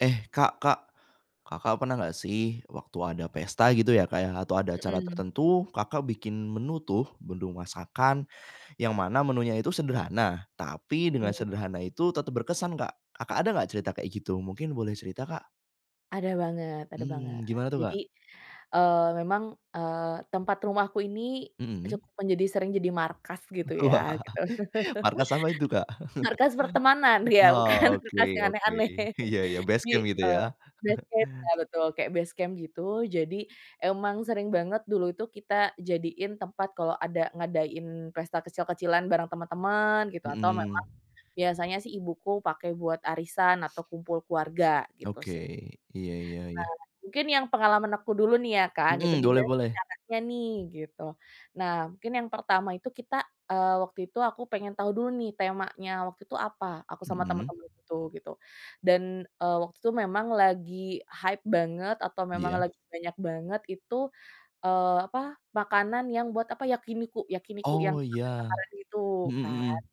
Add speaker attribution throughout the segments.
Speaker 1: Eh, Kak Kak, Kakak pernah gak sih waktu ada pesta gitu ya Kak ya atau ada acara
Speaker 2: Mhm.
Speaker 1: tertentu Kakak bikin menu tuh bendung masakan, yang mana menunya itu sederhana tapi dengan
Speaker 2: Mhm.
Speaker 1: sederhana itu tetep berkesan Kak Kakak ada gak cerita kayak gitu mungkin boleh cerita, Kak?
Speaker 2: Ada banget ada banget
Speaker 1: Mmm, gimana tuh,
Speaker 2: jadi,
Speaker 1: Kak?
Speaker 2: eee, memang, eee, tempat rumahku ini,
Speaker 1: Mhm.
Speaker 2: cukup menjadi sering jadi markas gitu ya gitu,
Speaker 1: Markas apa itu Kak?
Speaker 2: markas pertemanan ya bukan
Speaker 1: Oke
Speaker 2: markas yang
Speaker 1: oke
Speaker 2: aneh-aneh
Speaker 1: iya ya
Speaker 2: jadi,
Speaker 1: basecamp gitu ya?
Speaker 2: eee, basecamp ya betul kayak basecamp gitu jadi, emang sering banget dulu itu kita jadiin tempat kalau ada ngadain pesta kecil-kecilan bareng teman-teman gitu atau memang,
Speaker 1: Mhm.
Speaker 2: biasanya sih ibuku pakai buat arisan atau kumpul keluarga gitu
Speaker 1: Oke
Speaker 2: sih,
Speaker 1: iya iya iya.
Speaker 2: nah mungkin yang pengalaman aku dulu nih ya Kak gitu
Speaker 1: Mhm, boleh
Speaker 2: gimana sih
Speaker 1: boleh.
Speaker 2: caranya nih gitu, nah mungkin yang pertama itu kita, eee, waktu itu aku pengen tahu dulu nih temanya waktu itu apa aku sama
Speaker 1: Mhm.
Speaker 2: temen-temen itu gitu dan, eee, waktu itu memang lagi hype banget atau memang
Speaker 1: Iya.
Speaker 2: lagi banyak banget itu, eee, apa makanan yang buat apa yakiniku yakiniku yang
Speaker 1: Oh ya,
Speaker 2: bakar-bakaran gitu
Speaker 1: mhm
Speaker 2: kan,
Speaker 1: mhm.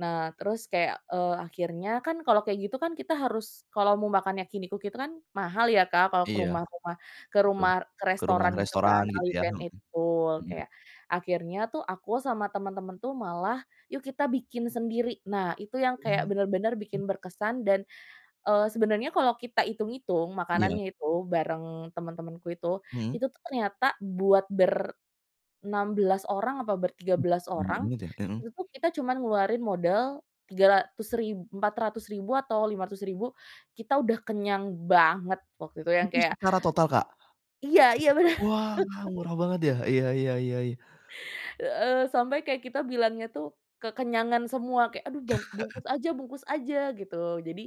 Speaker 2: nah terus kayak, eee, akhirnya kan kalau kayak gitu kan kita harus kalau mau makan yakiniku gitu kan mahal ya Kak kalau ke
Speaker 1: Iya,
Speaker 2: rumah-rumah ke
Speaker 1: betul
Speaker 2: rumah ke
Speaker 1: ke rumah
Speaker 2: restoran gitu
Speaker 1: restoran
Speaker 2: kan All
Speaker 1: gitu
Speaker 2: You
Speaker 1: ya,
Speaker 2: Can
Speaker 1: mhm,
Speaker 2: Eat betul
Speaker 1: mhm.
Speaker 2: kayak akhirnya tuh aku sama temen-temen tuh malah yuk kita bikin sendiri nah itu yang kayak
Speaker 1: Mmm,
Speaker 2: bener-bener
Speaker 1: m
Speaker 2: bikin berkesan dan, eee, sebenarnya kalau kita hitung-hitung
Speaker 1: Iya.
Speaker 2: makanannya itu bareng teman-temanku itu
Speaker 1: Mhm.
Speaker 2: itu tuh ternyata buat ber, 16 orang atau ber 13
Speaker 1: Banyak
Speaker 2: orang
Speaker 1: banget ya? mhm.
Speaker 2: itu tuh kita cuman ngeluarin modal Rp300.000 Rp400.000 atau Rp500.000 ribu kita udah kenyang banget waktu itu yang
Speaker 1: Itu
Speaker 2: kayak.
Speaker 1: secara total Kak?
Speaker 2: Iya iya bener.
Speaker 1: Wah murah banget ya iya iya iya.
Speaker 2: Eee, sampai kayak kita bilangnya tuh kekenyangan semua kayak aduh bang bungkus aja bungkus aja gitu jadi,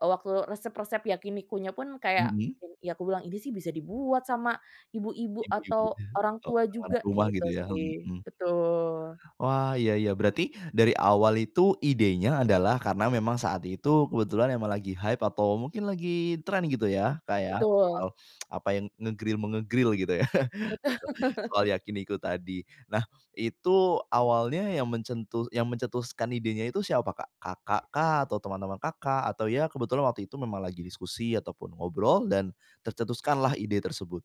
Speaker 2: eee, waktu resep-resep yakinikunya pun kayak,
Speaker 1: Mhm.
Speaker 2: ya aku bilang ini sih bisa dibuat sama ibu-ibu
Speaker 1: Iya
Speaker 2: atau orang tua
Speaker 1: orang-orang
Speaker 2: juga
Speaker 1: rumah
Speaker 2: gitu
Speaker 1: gitu ya,
Speaker 2: sih
Speaker 1: mhm.
Speaker 2: betul.
Speaker 1: Wah iya iya berarti dari awal itu idenya adalah karena memang saat itu kebetulan emang lagi hype atau mungkin lagi trend gitu ya Kak ya soal
Speaker 2: Betul.
Speaker 1: apa yang nge-grill-menge-grill gitu ya soal yakiniku tadi nah itu awalnya yang mencetus yang mencetuskan idenya itu siapa Kak? Kakak kah? Atau teman-teman Kakak? Atau ya kebetulan waktu itu memang lagi diskusi ataupun ngobrol dan, tercetuskanlah ide tersebut.